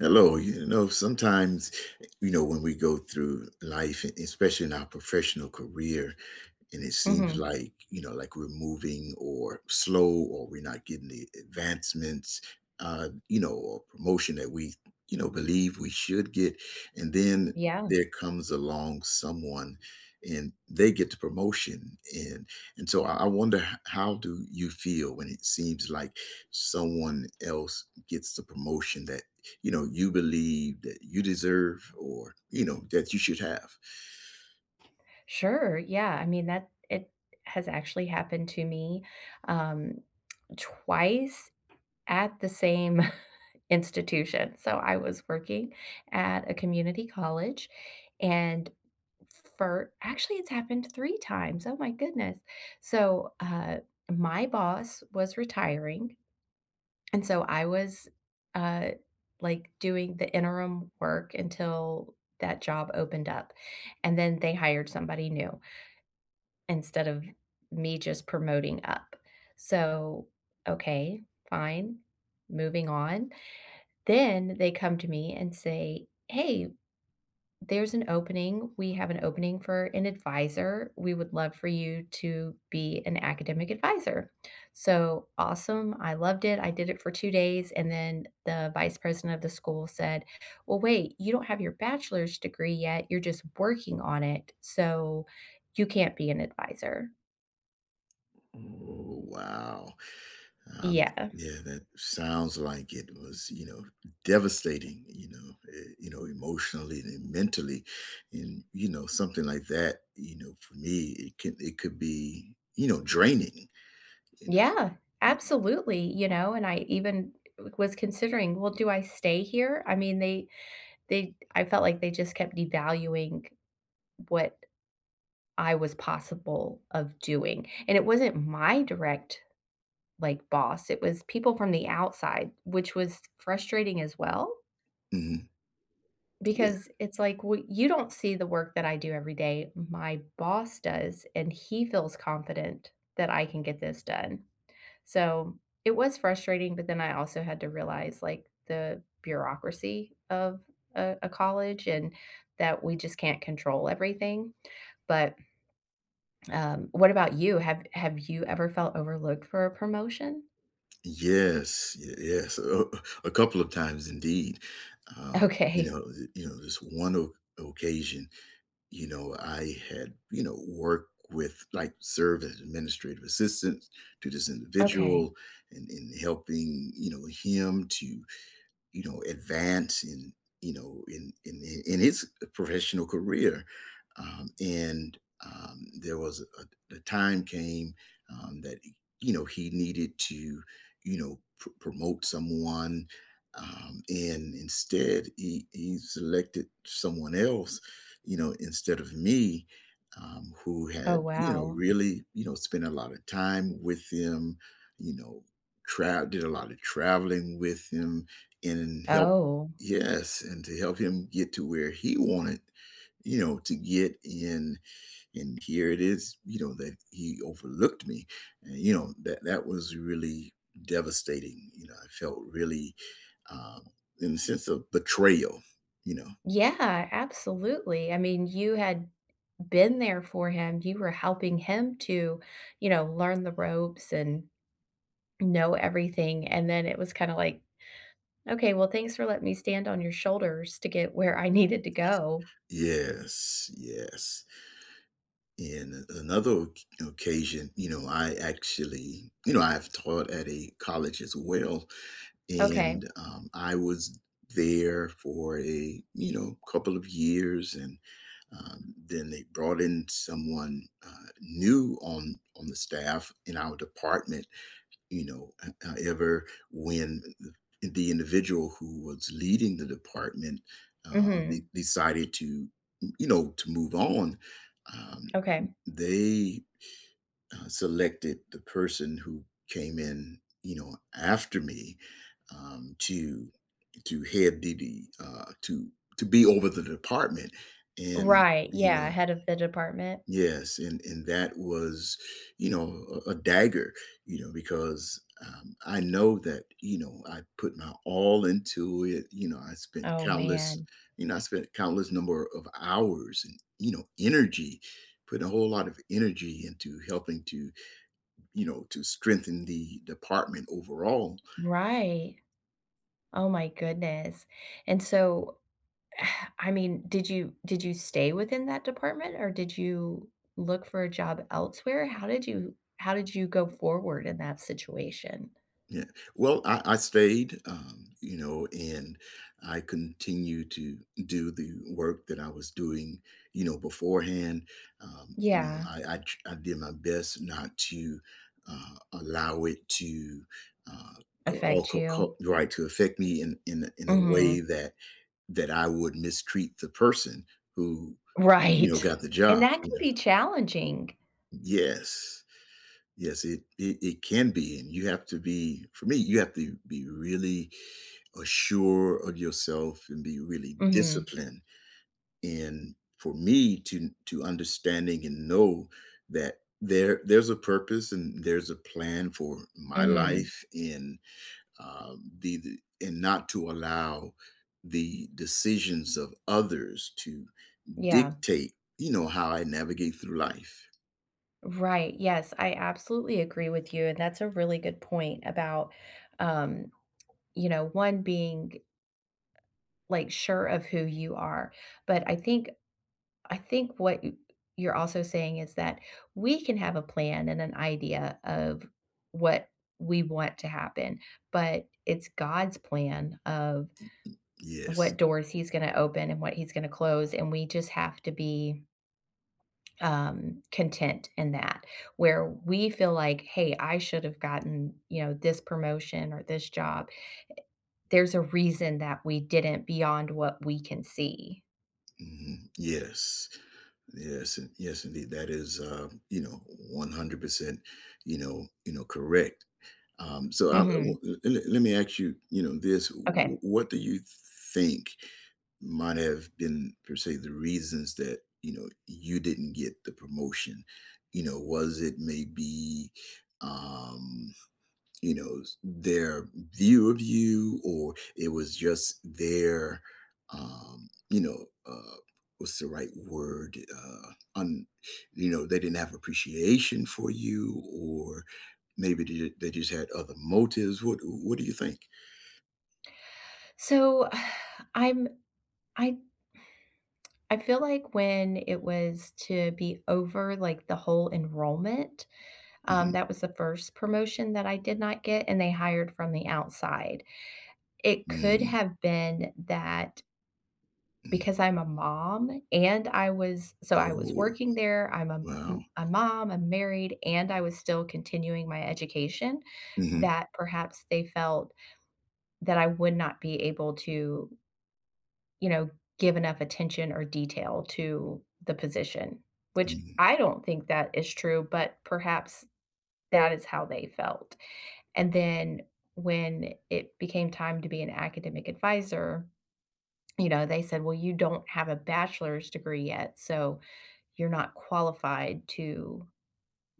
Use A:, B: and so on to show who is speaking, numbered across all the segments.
A: Hello, you know, sometimes, you know, when we go through life, especially in our professional career, and it seems
B: Mhm.
A: like, you know, like, we're moving or slow or we're not getting the advancements, uh, you know, or promotion that we, you know, believe we should get, and then
B: Yeah.
A: there comes along someone, and they get the promotion, and and so I I wonder h how do you feel when it seems like someone else gets the promotion that, you know, you believe that you deserve or, you know, that you should have?
B: Sure, yeah, I mean, that it has actually happened to me, um, twice at the same institution, so I was working at a community college, and for actually, it's happened 3 times, oh my goodness, so, uh, my boss was retiring, and so I was, uh, like, doing the interim work until that job opened up, and then they hired somebody new instead of me just promoting up, so, okay, fine, moving on. Then they come to me and say, "Hey, there's an opening, we have an opening for an adviser, we would love for you to be an academic adviser," so, awesome, I loved it, I did it for 2 days, and then the vice president of the school said, "Well, wait, you don't have your bachelor's degree yet, you're just working on it, so you can't be an adviser."
A: Oh, wow, um,
B: Yeah.
A: yeah that sounds like it was, you know, devastating, you know, eh, you know, emotionally and mentally, and, you know, something like that, you know, for me, it could it could be, you know, draining, you
B: Yeah,
A: know?
B: absolutely, you know? And I even was considering, "Well, do I stay here?" I mean, they they I felt like they just kept devaluing what I was possible of doing, and it wasn't my direct, like, boss, it was people from the outside, which was frustrating as well
A: Mhm. Yeah.
B: because it's like, "Well, you don't see the work that I do every day, my boss does, and he feels confident that I can get this done." So, it was frustrating, but then I also had to realize, like, the bureaucracy of a a college and that we just can't control everything, but um, what about you? Have have you ever felt overlooked for a promotion?
A: Yes, y yes, a a uh, a couple of times indeed, um, you
B: Okay.
A: know, eh, you know, this one o occasion, you know, I had, you know, worked with like, served as administrative assistant to this
B: Okay.
A: individual and and helping, you know, him to, you know, advance in, you know, in in in in his, eh, professional career, um, and, um, there was a a time came, um, that, y you know, he needed to, you know, p promote someone, um, and instead, he he selected someone else, you know, instead of me, um, who
B: Oh,
A: had, you know,
B: wow.
A: really, you know, spent a lot of time with him, you know, tra did a lot of traveling with him and help
B: Oh.
A: Yes, and to help him get to where he wanted, you know, to get in, and here it is, you know, that he overlooked me and you know, that that was really devastating, you know, I felt really, um, in a sense of betrayal, you know?
B: Yeah, absolutely, I mean, you had been there for him, you were helping him to, you know, learn the ropes and know everything, and then it was kinda like, "Okay, well, thanks for letting me stand on your shoulders to get where I needed to go."
A: Yes, yes. In another oc occasion, you know, I actually, you know, I've taught at a college as well,
B: Okay.
A: and, um, I was there for a, you know, couple of years, and, um, then they brought in someone, uh, new on on the staff in our department, you know? H however, when the individual who was leading the department, um, de
B: Mhm.
A: decided to, you know, to move on, um,
B: Okay.
A: they, uh, selected the person who came in, you know, after me, um, to to head the the uh, to to be over the department, and,
B: Right,
A: you
B: yeah,
A: know
B: head of the department.
A: Yes, and and that was, you know, a a dagger, you know, because, um, I know that, you know, I put my all into it, you know, I spent
B: Oh,
A: countless,
B: man.
A: you know, I spent countless number o of hours and, you know, energy, put a whole lot of energy into helping to, you know, to strengthen the department overall.
B: Right, oh my goodness, and so I mean, did you did you stay within that department, or did you look for a job elsewhere? How did you how did you go forward in
A: Mm.
B: that situation?
A: Yeah, well, I I stayed, um, you know, and I continue to do the work that I was doing, you know, beforehand, um, you know,
B: Yeah.
A: I I tr I did my best not to, uh, allow it to, uh, go all
B: Affect
A: co
B: you?
A: co right to affect me in in a in a way
B: Mhm.
A: that that I would mistreat the person who, you know,
B: Right,
A: got the
B: and
A: job,
B: that
A: you
B: can
A: know
B: be challenging.
A: Yes. Yes, it it it can be, and you have to be for me, you have to be really, uh, sure of yourself and be really
B: Mhm.
A: disciplined, and for me to n to understanding and know that there there's a purpose and there's a plan for my
B: Mhm.
A: life and, um, be the and not to allow the decisions of others to
B: Yeah.
A: dictate, you know, how I navigate through life.
B: Right, yes, I absolutely agree with you, and that's a really good point about, um, you know, one being like, sure of who you are. But I think I think what you're also saying is that we can have a plan and an idea of what we want to happen, but it's God's plan of
A: Yes.
B: what doors he's gonna open and what he's gonna close, and we just have to be um, content in that, where we feel like, "Hey, I should've gotten, you know, this promotion or this job," eh, there's a reason that we didn't beyond what we can see.
A: Mhm, yes, yes, in yes, indeed, that is, um, you know, 100%, you know you know, correct. Um, so I I
B: Mhm.
A: want the a le let me ask you, you know, this, w w
B: Okay.
A: what do you think might have been per se the reasons that, you know, you didn't get the promotion? You know, was it maybe, um, you knows, their view of you? Or it was just their, um, you know, uh, what's the right word, i uh, un you know, they didn't have appreciation for you? Or maybe they d they just had other motives? What what do you think?
B: So, I'm I I feel like when it was to be over, like, the whole enrollment, um,
A: Mhm.
B: that was the 1st promotion that I did not get, and they hired from the outside, it could
A: Mm.
B: have been that
A: Mhm.
B: because I'm a mom, and I was so I was
A: Oh.
B: working there, I'm a
A: Wow.
B: m a mom, I'm married, and I was still continuing my education,
A: Mhm.
B: that perhaps they felt that I would not be able to you know, give enough attention or detail to the position, which
A: Mhm.
B: I don't think that is true, but perhaps that is how they felt. And then, when it became time to be an academic adviser, you know, they said, "Well, you don't have a bachelor's degree yet, so you're not qualified to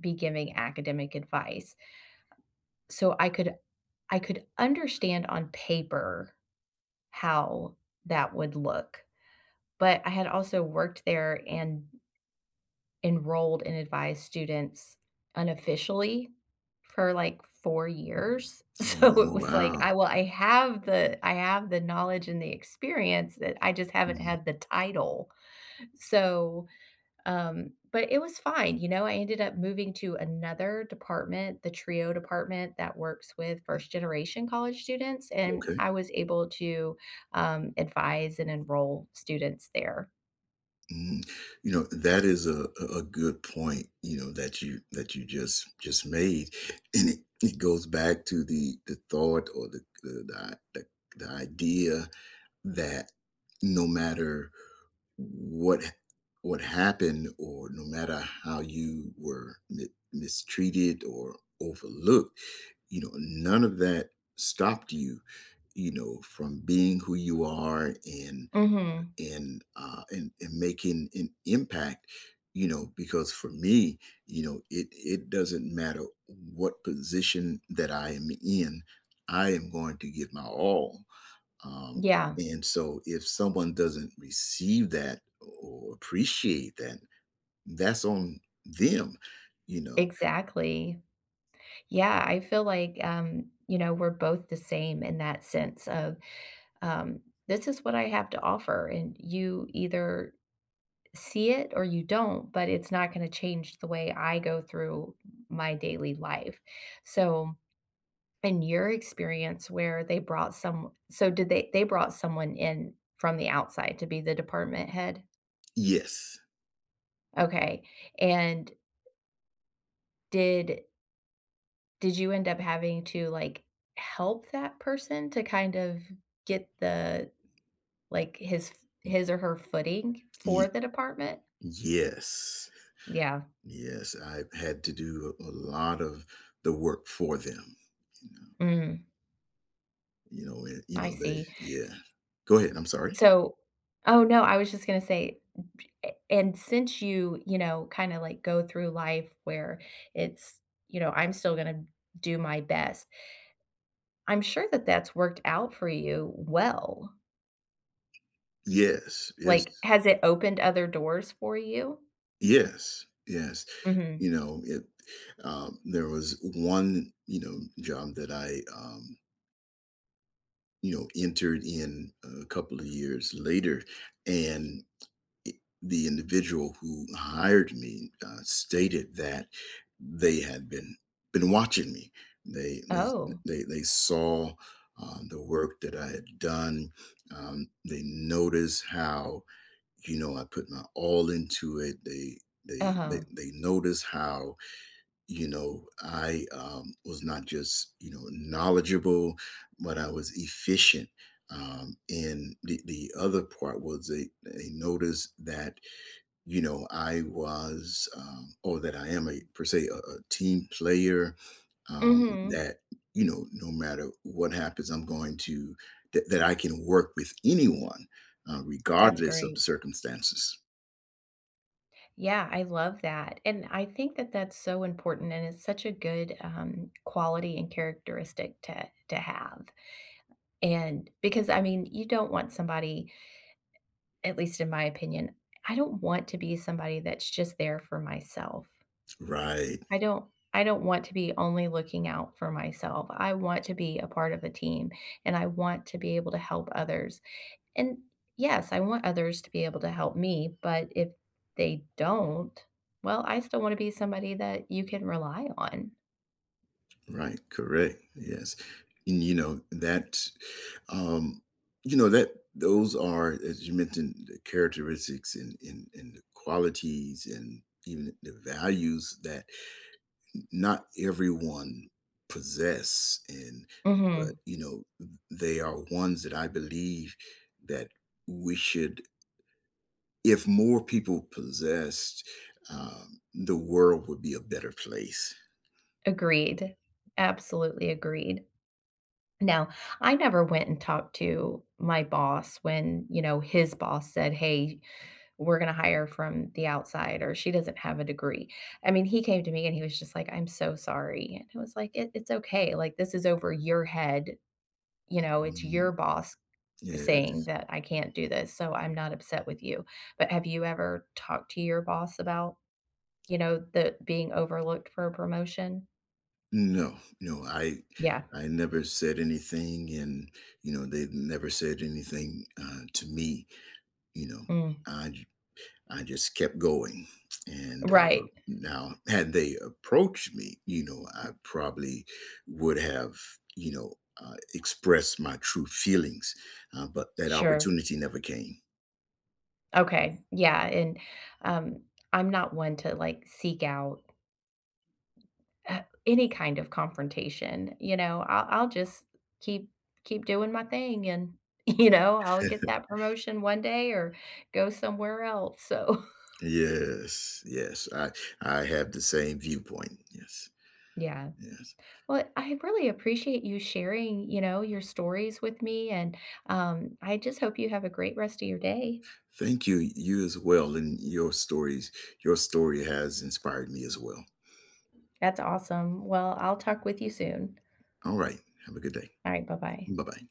B: be giving academic advice." So I could I could understand on paper how that would look. But I had also worked there and enrolled and advised students unofficially for, like, 4 years.
A: Oh,
B: So, it was like,
A: wow.
B: I well I have the I have the knowledge and the experience that I just haven't
A: Mhm.
B: had the title. So, um, but it was fine, you know, I ended up moving to another department, the TRIO department that works with
A: Mm.
B: first-generation college students, and
A: Okay.
B: I was able to, um, advise and enroll students there.
A: Mm, you know, that is a a a good point, you know, that you that you just just made, and it it goes back to the the thought or the the the i th the idea that, no matter what ha what happened or no matter how you were mi mistreated or overlooked, you know, none of that stopped you, you know, from being who you are and
B: Mhm.
A: and, uh, and and making an impact, you know, because for me, you know, it it doesn't matter what position that I am in, I am going to give my all, um,
B: Yeah.
A: and so if someone doesn't receive that o or appreciate that, that's on them, you know?
B: Exactly. Yeah I feel like um, you know, we're both the same in that sense of, um, "This is what I have to offer, and you either, see it or you don't, but it's not gonna change the way I go through my daily life," so, in your experience where they brought some so did they they brought someone in from the outside to be the department head?
A: Yes.
B: Okay, and did did you end up having to, like, help that person to kind of get the, like, his f his or her footing
A: Y
B: for the department?
A: yes.
B: Yeah.
A: Yes, I've had to do a lot of the work for them, you know.
B: Mm.
A: You know, it you
B: I
A: know, they
B: see.
A: yeah.
B: S
A: Go ahead, I'm sorry.
B: So Oh, no. I was just gonna say b p eh and since you, you know, kinda, like, go through life where it's you know, "I'm still gonna do my best" I'm sure that that's worked out for you well.
A: Yes, yes.
B: Like, has it opened other doors for you?
A: Yes, yes,
B: Mhm.
A: you know, it um, there was one, you know, job that I, um you know, entered in a couple of years later, and i the individual who hired me, uh, stated that they had been been watching me. They they th
B: Oh.
A: they they saw, uh, the work that I had done. Um, they noticed how, you know, I put my all into it. They they they
B: Uh-huh.
A: they noticed how, you know, I, um, was not just, you know, knowledgeable, but I was efficient. Um, and the the other part was they they noticed that, you know, I was, um or that I am a, per se, a a team player, um,
B: Mhm.
A: that, you know, no matter what happens, I'm going to that that I can work with anyone, uh,
B: That's
A: regardless of the
B: great.
A: circumstances.
B: Yeah, I love that, and I think that that's so important and it's such a good, um, quality and characteristic to to have. And because, I mean, you don't want somebody at least in my opinion, I don't want to be somebody that's just there for myself.
A: Right.
B: I don't I don't want to be only looking out for myself, I want to be a part of the team, and I want to be able to help others, and, yes, I want others to be able to help me, but if they don't, well, I still wanna be somebody that you can rely on.
A: Right, correct, yes, and, you know, that um, you know, that those are, as you mentioned, the characteristics and and and the qualities and even the the values that n not everyone possess, and but,
B: Mhm.
A: you know, th they are ones that I believe that we should if more people possessed, um, the world would be a better place.
B: Agreed, absolutely agreed. Now, I never went and talked to my boss when, you know, his boss said, "Hey, we're gonna hire from the outside," or, "She doesn't have a degree," I mean, he came to me, and he was just like, "I'm so sorry," And it was like, "It it's okay, like, this is over your head, you know, it's
A: Mhm.
B: your boss saying
A: Yes.
B: that I can't do this, so I'm not upset with you." But have you ever talked to your boss about, you know, the being overlooked for a promotion?
A: No, no, I
B: Yeah.
A: I never said anything, and, you know, they never said anything, uh, to me. You know?
B: Mm.
A: I j I just kept going, and, uh,
B: Right.
A: now had they approached me, you know, I probably would have, you know, uh, expressed my true feelings, uh, but that
B: Sure.
A: opportunity never came.
B: Okay. Yeah, and, um, I'm not one to, like, seek out uh, any kind of confrontation, you know? I'll I'll just keep keep doing my thing, and, you know, I'll get that promotion one day or go somewhere else so
A: Yes, yes, I I have the same viewpoint. Yes.
B: Yeah.
A: Yes.
B: Well, I really appreciate you sharing, you know, your stories with me, and, um, I just hope you have a great rest of your day.
A: Thank you, you as well, and your stories. Your story has inspired me as well.
B: That's awesome. Well, I'll talk with you soon.
A: Alright. Have a good day.
B: Alright, bye-bye.
A: Bye-bye.